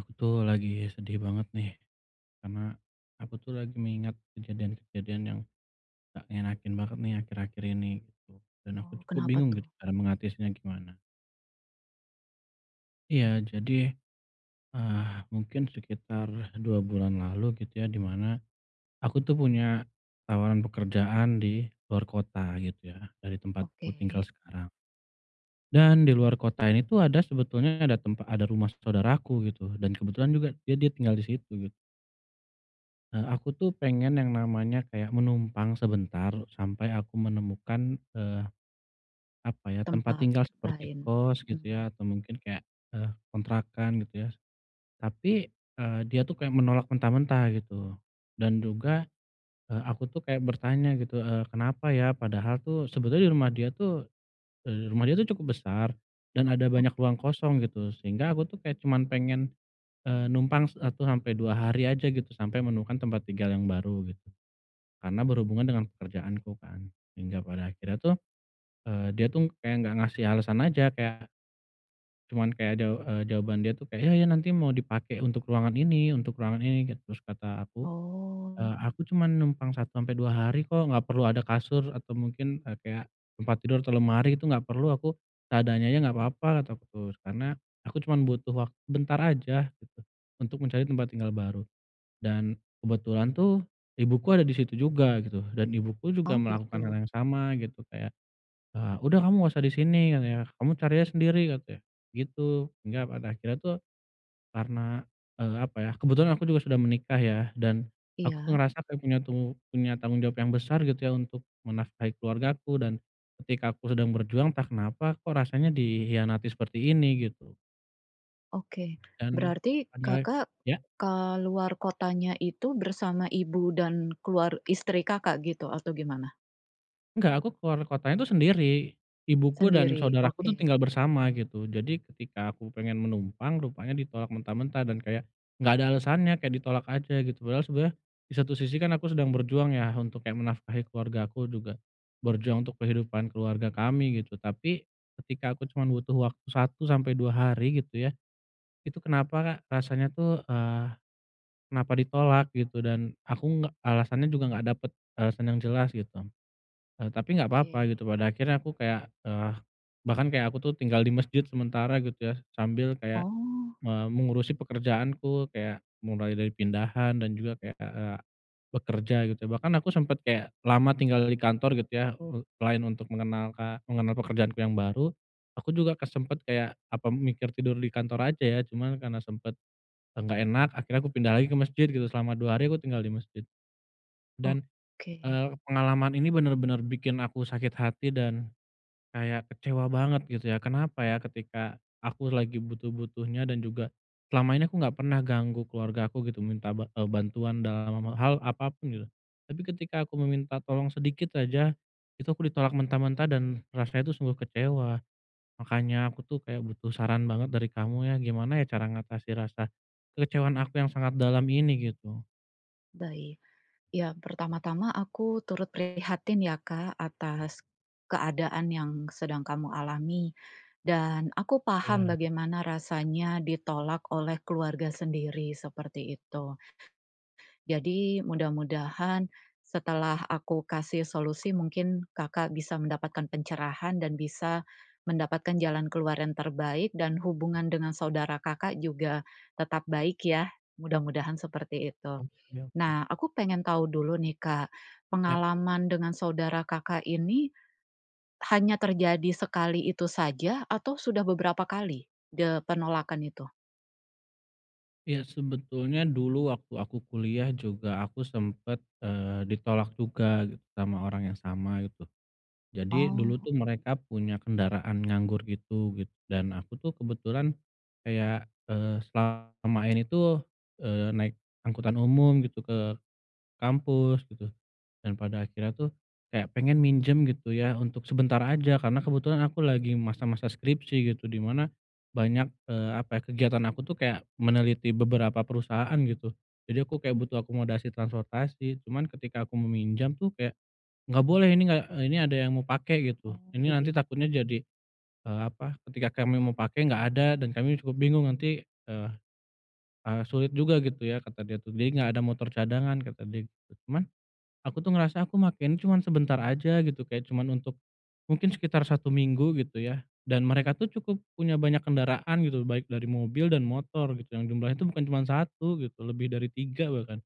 Aku, tuh, lagi sedih banget, nih. Karena aku, tuh, lagi mengingat kejadian-kejadian yang gak ngenakin banget, nih, akhir-akhir ini, gitu. Dan aku Oh. cukup Kenapa, bingung gitu tuh? cara mengatasinya gimana. Iya, jadi, eee, mungkin sekitar 2 bulan lalu gitu, ya, di mana, aku, tuh, punya tawaran pekerjaan di luar kota gitu, ya, dari tempat aku tinggal Oke. sekarang. Dan di luar kota ini, tuh, ada sebetulnya ada tempa ada rumah s saudaraku gitu. Dan kebetulan juga dia dia tinggal di situ, gitu. Eee, aku, tuh, pengen yang namanya kayak menumpang sebentar sampai aku menemukan, eee, apa ya, tempat Tempat, tinggal seperti lain. kos gitu, Mmm. ya, atau mungkin kayak, eee, kontrakan gitu, ya. S tapi, eee, dia, tuh, kayak menolak mentah-mentah gitu. Dan juga, eee, aku, tuh, kayak bertanya gitu, eee, kenapa ya. Padahal, tuh, sebetulnya di rumah dia, tuh, eee, rumah dia, tuh, cukup besar dan ada banyak Oke. ruang kosong gitu. Sehingga aku, tuh, kayak cuman pengen, eee, numpang 1 sampe 2 hari aja gitu, sampai menemukan tempat tinggal yang baru, gitu. Karena berhubungan dengan pekerjaanku, kan. Hingga pada akhirnya, tuh, eee, dia, tuh, kayak enggak ngasih alasan aja kayak cuman kayak daw eee, jawaban dia, tuh, kayak, "Iya, ya, nanti mau dipake untuk ruangan ini, untuk ruangan ini," gitu. Terus kata aku, Oh. "Eee, aku cuman numpang 1 sampe 2 hari, kok, enggak perlu ada kasur atau mungkin, eee, kayak tempat tidur atau lemari, itu enggak perlu aku. Seadanya aja enggak apa-apa," kata aku, tuh. Karena aku cuman butuh wak sebentar aja gitu, untuk mencari tempat tinggal baru. Dan, kebetulan, tuh, ibuku ada di situ juga gitu, dan ibuku juga Oh, melakukan hal gitu. yang sama gitu. Kayak, eee, "Udah kamu enggak usah di sini," katanya, "kamu cari aja sendiri," katanya, gitu. Sehingga pada akhirnya, tuh, karena, eee, apa ya kebetulan aku juga sudah menikah, ya, dan aku, tuh, Iya. ngerasa kayak punya tung punya tanggung jawab yang besar gitu, ya, untuk menafkahi keluargaku dan ketika aku sedang berjuang entah kenapa, kok, rasanya dikhianati seperti ini, gitu. Oke. Dan, Berarti, padahal Kakak ya? ke luar kotanya itu, bersama ibu dan keluar istri Kakak, gitu? Atau gimana? Enggak, aku keluar kotanya itu sendiri. Ibuku dan Sendiri. saudaraku tuh, Oke. tinggal bersama, gitu. Jadi, ketika aku pengen menumpang, rupanya ditolak mentah-mentah dan kayak, nggak ada alasannya, kayak ditolak aja, gitu. Padahal sebenarnya, di satu sisi kan aku sedang berjuang ya, untuk kayak menafkahi keluargaku, juga berjuang untuk kehidupan keluarga kami, gitu. Tapi, ketika aku cuma butuh waktu 1 sampai 2, hari gitu ya, itu kenapa, rasanya tuh, eee, kenapa ditolak, gitu. Dan, aku nggak alasannya juga nggak dapet alasan yang jelas, gitu. Eee, tapi nggak papa, Oke. gitu. Pada akhirnya, aku kayak, eee, bahkan kayak, aku tuh, tinggal di mesjid sementara, gitu ya, sambil kayak Oh. me mengurusi pekerjaanku, kayak mulai dari pindahan dan juga kayak, ah, eee, ak bekerja, gitu. Bahkan aku sempet kayak lama tinggal di kantor, gitu ya. Eee, selain untuk mengenalka mengenal pekerjaanku yang baru, aku juga ke sempet kayak, apa, mikir tidur di kantor aja, ya. Cuman, karena sempet, eee, nggak enak, akhirnya aku pindah lagi ke mesjid, gitu. Selama 2 hari, aku tinggal di mesjid. Dan, Oke. eee, pengalaman ini benar-benar bikin aku sakit hati, dan, kayak kecewa banget, gitu ya. Kenapa ya, ketika aku lagi butuh-butuhnya, dan juga, selama ini aku nggak pernah ganggu keluargaku, gitu. Minta ba eee, bantuan dalam, eee, hal apa pun, gitu. Tapi ketika aku meminta tolong sedikit aja, itu aku ditolak mentah-mentah dan, rasanya itu sungguh kecewa. Makanya, aku tuh kayak butuh saran banget dari kamu, ya. Gimana ya, cara ngatasi rasa kekecewaan aku yang sangat dalam ini? Gitu. Baik. Yang pertama-tama aku turut prihatin ya Kak atas, keadaan yang sedang kamu alami, dan aku paham Iya. bagaimana rasanya ditolak oleh keluarga sendiri seperti itu. Jadi, mudah-mudahan, setelah aku kasih solusi, mungkin, Kakak bisa mendapatkan pencerahan dan bisa, mendapatkan jalan keluar yang terbaik dan hubungan dengan saudara Kakak juga, tetap baik ya, mudah-mudahan seperti itu. Oh, ya, oke. Nah, aku pengen tahu dulu nih Kak, Ya. pengalaman dengan saudara Kakak ini, hanya terjadi sekali itu saja atau sudah beberapa kali? De penolakan itu? Ya, sebetulnya dulu waktu aku kuliah juga aku sempet, eee, ditolak juga, gitu, sama orang yang sama, gitu. Jadi dulu tuh Oh. mereka punya kendaraan nganggur gitu, git dan aku tuh kebetulan, kayak, eee, selama ini tuh, eee, naik angkutan umum gitu, ke, kampus gitu. Dan pada akhirnya tuh, kayak pengen minjem gitu ya, untuk sebentar aja, karena kebetulan aku lagi masa-masa skripsi gitu, di mana, banyak, eee, apa ya, kegiatan aku tuh kayak, meneliti beberapa perusahaan gitu. Jadi aku kayak butuh akomodasi transportasi. Cuman ketika aku meminjam tuh kayak, "Enggak boleh, ini enggak eee, ini ada yang mau pake," gitu, Oh "ini nanti begit takutnya jadi, eee, apa, ketika kami mau pake enggak ada, dan kami cukup bingung nanti, e e sulit juga gitu ya," kata dia tuh. Dia enggak ada motor cadangan, kata dia gitu. Cuman, aku tuh ngerasa aku make ini cuman sebentar aja gitu, kayak cuman untuk, mungkin sekitar 1 minggu gitu ya, dan mereka tuh cukup punya banyak kendaraan gitu, baik dari mobil dan motor gitu, yang jumlahnya itu bukan cuman 1 gitu, lebih dari 3 bahkan.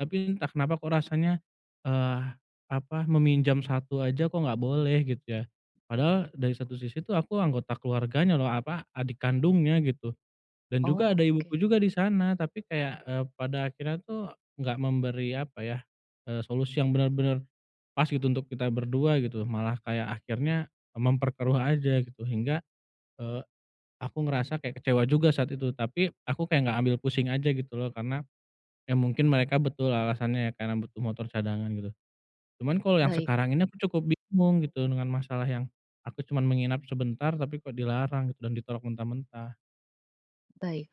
Tapi entah kenapa kok rasanya, eee, apa, meminjam 1 aja kok enggak boleh gitu ya. Padahal, Oke, dari satu paham. sisi itu aku anggota keluarganya loh, apa, adik kandungnya gitu. Dan juga Oh, ada ibuku oke. juga di sana. Tapi kayak, eee, pada akhirnya tuh nggak memberi, apa ya, eee, solusi yang benar-benar pas gitu untuk kita berdua gitu, malah kayak akhirnya memperkeruh aja gitu. Hingga, eee, aku ngerasa kayak kecewa juga saat itu. Tapi, aku kayak enggak ambil pusing aja gitu loh. Karena, ya mungkin mereka betul alasannya ya karena butuh motor cadangan gitu. Cuman kalau yang Baik. sekarang ini aku cukup bingung gitu, dengan masalah yang, aku cuman menginap sebentar tapi kok dilarang gitu dan ditolak mentah-mentah. Baik.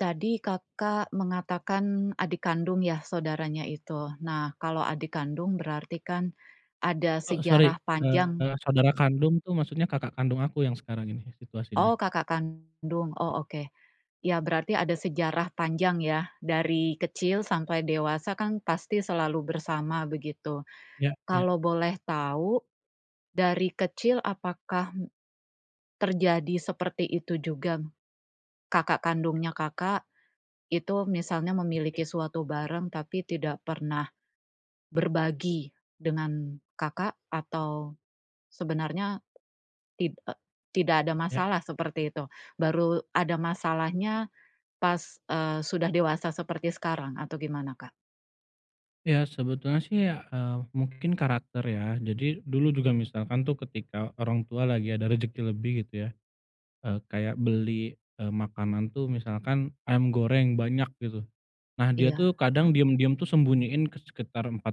Tadi Kakak mengatakan adik kandung ya, saudaranya itu. Nah, kalau adik kandung berarti kan, ada E sorry, sejarah panjang. eee, saudara kandung tuh maksudnya kakak kandung aku yang sekarang ini, situasinya. Oh, kakak kandung. Oh, oke. Ya berarti ada sejarah panjang ya, dari kecil sampai dewasa kan pasti selalu bersama begitu. Ya ya. Kalau boleh tahu, dari kecil apakah, hmm, terjadi seperti itu juga? Kakak kandungnya Kakak, itu misalnya Oke. memiliki suatu bareng tapi tidak pernah, berbagi dengan Kakak atau, sebenarnya tid e tidak ada Ya. masalah, seperti itu. Baru ada masalahnya pas, eee, sudah dewasa seperti sekarang, atau gimana Kak? Ya sebetulnya sih ya, eee, mungkin karakter ya. Jadi, dulu juga misalkan tuh ketika orang tua lagi ada rejeki lebih gitu ya, eee, kayak beli, eee, makanan tuh misalkan, ayam goreng banyak gitu. Nah, dia tuh Iya. kadang diem-diem tuh sembunyiin ke sekitar 4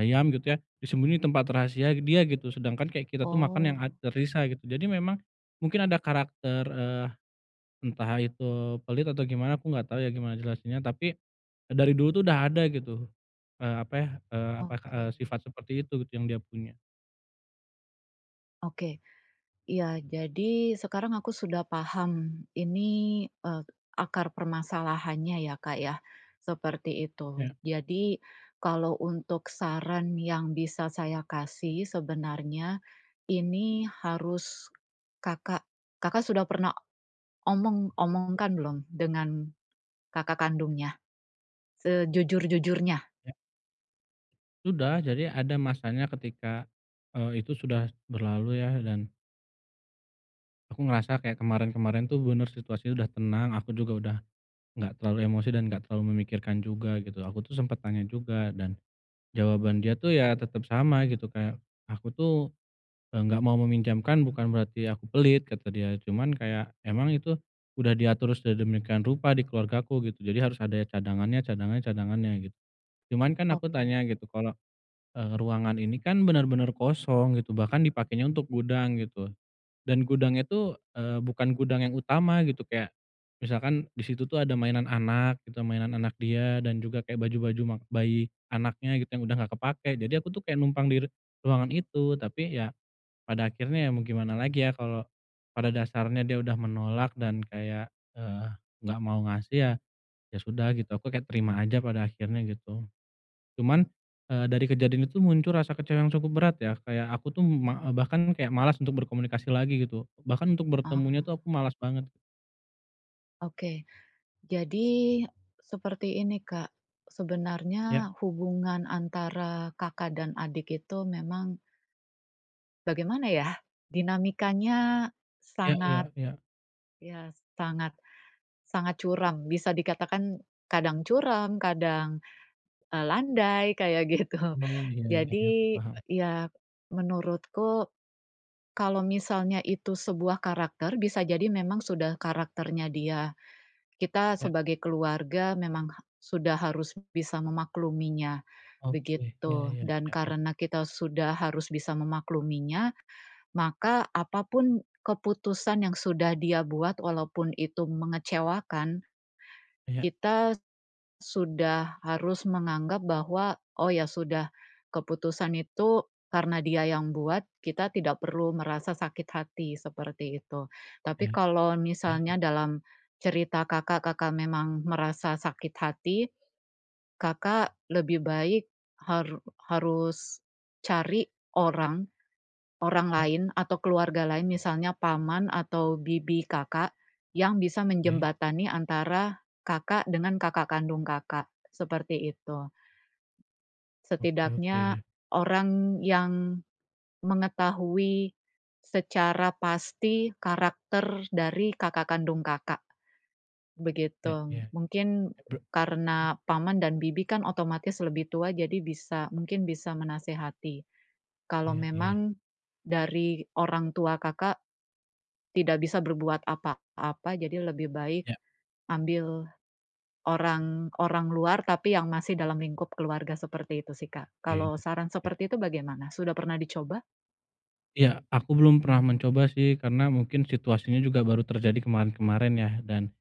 ayam, gitu ya, disembunyiin di tempat rahasia dia gitu. Sedangkan kayak kita tuh makan yang Oh. ad tersisa gitu. Jadi memang, mungkin ada karakter, eee, entah itu pelit atau gimana, aku enggak tau ya gimana jelasinnya, tapi, dari dulu tuh udah ada gitu, eee, apa ya, eee, apa, eee, Oke. sifat seperti itu yang dia punya. Oke. Iya. Jadi, sekarang aku sudah paham, ini, eee, akar permasalahannya, ya Kak, ya. Seperti itu. Ya. Jadi, kalau untuk saran yang bisa saya kasih, sebenarnya, ini harus Kakak Kakak sudah pernah omong, omongkan belum dengan kakak kandungnya? Sejujur-jujurnya. Ya. Udah, jadi ada masanya ketika, eee, itu sudah berlalu ya, dan aku ngerasa, kayak kemarin-kemarin tuh, benar, situasinya udah tenang, aku juga udah, nggak terlalu emosi dan nggak terlalu memikirkan juga, gitu. Aku tuh sempet nanya juga, dan jawaban dia tuh, ya tetap sama, gitu. Kayak, "Aku tuh, eee, nggak mau meminjamkan, bukan berarti aku pelit," kata dia, "cuman kayak, emang itu udah diatur sedemikian rupa di keluargaku," gitu, "jadi harus ada ya cadangannya, cadangannya, cadangannya," git cuman, kan aku Oke. tanya, gitu, kalau, eee, ruangan ini kan, benar-benar kosong, gitu, bahkan dipakainya untuk gudang, gitu. Dan gudangnya tuh, eee, bukan gudang yang utama, gitu. Kayak, misalkan, di situ tuh ada mainan anak gitu, a mainan anak dia, dan juga kayak baju-baju mak bayi anaknya, gitu, yang udah nggak kepake. Jadi aku tuh kayak numpang di r ruangan itu. Tapi ya, pada akhirnya, ya mau gimana lagi ya, kalau pada dasarnya dia udah menolak, dan kayak, eee, nggak mau ngasih, ya, ya sudah, gitu. Aku kayak, terima aja pada akhirnya, gitu. Cuman, eee, dari kejadian itu, muncul rasa kecewa yang cukup berat, ya. Kayak aku tuh, ma eee, bahkan kayak malas untuk berkomunikasi lagi, gitu. Bahkan untuk Ah. bertemunya tuh, aku malas banget. Oke. Jadi, seperti ini Kak, sebenarnya, Ya. hubungan antara kakak dan adik itu memang bagaimana ya? Dinamikanya Ya sangat, ya ya. ya sangat, sangat curam. Bisa dikatakan, kadang curam, kadang, e landai kayak gitu. Oh, iya iya iya, Jadi, paham. ya, menurutku, kalau misalnya itu sebuah karakter, bisa jadi memang sudah karakternya dia. Kita Ya. sebagai keluarga memang ha sudah harus bisa memakluminya, Oke. Ya begitu. ya Dan ya ya. karena kita sudah harus bisa memakluminya, maka apa pun keputusan yang sudah dia buat walaupun itu mengecewakan, Iya. kita s sudah harus menganggap bahwa, oh ya sudah, keputusan itu karena dia yang buat, kita tidak perlu merasa sakit hati, seperti itu. Tapi Iya, kalau ya misalnya ya. dalam, cerita Kakak, Kakak memang merasa sakit hati, Kakak lebih baik haru harus, cari, orang, orang Ya. lain atau keluarga lain misalnya paman atau bibi Kakak, yang bisa Oke. menjembatani antara, Kakak dengan kakak kandung Kakak, seperti itu. Oke oke Setidaknya, ya. orang yang mengetahui secara pasti karakter dari kakak kandung Kakak, Ya begitu. ya. Mungkin, Ebe hmm? karena paman dan bibi kan otomatis lebih tua, jadi bisa mungkin bisa menasehati. Kalau Iya iya. memang dari orang tua Kakak tidak bisa berbuat apa-apa, jadi lebih baik Ya. ambil orang, orang luar, tapi yang masih dalam lingkup keluarga seperti itu sih Kak. Oke, Kalau saran oke. seperti itu bagaimana? Sudah pernah dicoba? Iya, aku belum pernah mencoba sih, karena mungkin situasinya juga baru terjadi kemarin-kemarin ya, dan,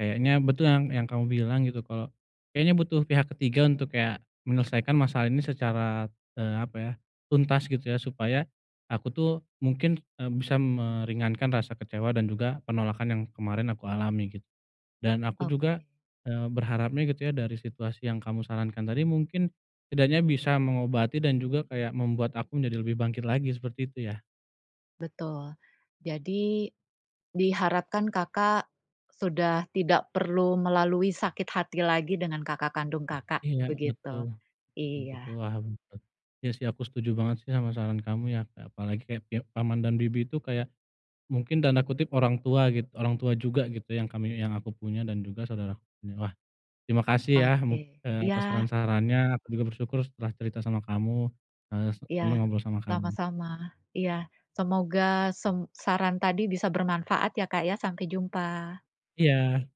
kayaknya betul yang yang kamu bilang gitu, kalau, kayaknya butuh pihak ketiga untuk kayak, menyelesaikan masalah ini secara, eee, apa ya, tuntas gitu ya, supaya, aku tuh, mungkin, e bisa meringankan rasa kecewa dan juga, penolakan yang kemarin aku alami gitu. Dan aku juga, Oke. eee, berharapnya gitu ya dari situasi yang kamu sarankan tadi mungkin, setidaknya bisa mengobati dan juga kayak membuat aku menjadi lebih bangkit lagi, seperti itu ya. Betul. Jadi, diharapkan Kakak, sudah tidak perlu melalui sakit hati lagi dengan kakak kandung Kakak, Iya, betul, begitu. betul betul Iya. paham bet iya sih aku setuju banget sih sama saran kamu ya ya apalagi kayak pihak paman dan bibi itu kayak, mungkin tanda kutip "orang tua" gitu, orang tua juga gitu yang kami yang aku punya dan juga saudaraku punya. Wah, terima kasih ya, mung Oke. e atas Iya. saran-sarannya, aku juga bersyukur setelah cerita sama kamu, eee, se Iya, senang ngobrol sama kamu. sama-sama. Iya. Semoga sem saran tadi bisa bermanfaat ya Kak ya, sampai jumpa. Iya.